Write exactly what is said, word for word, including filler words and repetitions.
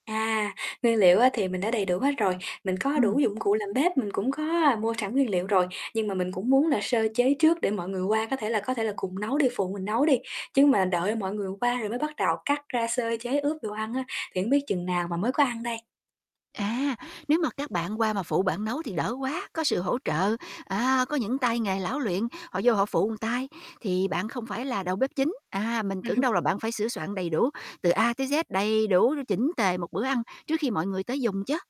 À, nguyên liệu á, thì mình đã đầy đủ hết rồi. Mình có đủ Ừm. dụng cụ làm bếp, mình cũng có, a, mua sẵn nguyên liệu rồi. Nhưng mà mình cũng muốn là sơ chế trước để mọi người qua có thể là có thể là cùng nấu đi, phụ mình nấu đi. Chứ mà đợi mọi người qua rồi mới bắt đầu cắt ra, sơ chế, ướp đồ ăn á, thì hông biết chừng nào mà mới có ăn đây. À, nếu mà các bạn qua mà phụ bạn nấu thì đỡ quá, có sự hỗ trợ. À, có những tay nghề lão luyện, họ vô họ phụ ừn tay thì bạn không phải là đầu bếp chính. À, mình Ừm. tưởng đâu là bạn phải sửa soạn đầy đủ, từ A tới Z đầy đủ chỉnh tề một bữa ăn trước khi mọi người tới dùng chứ.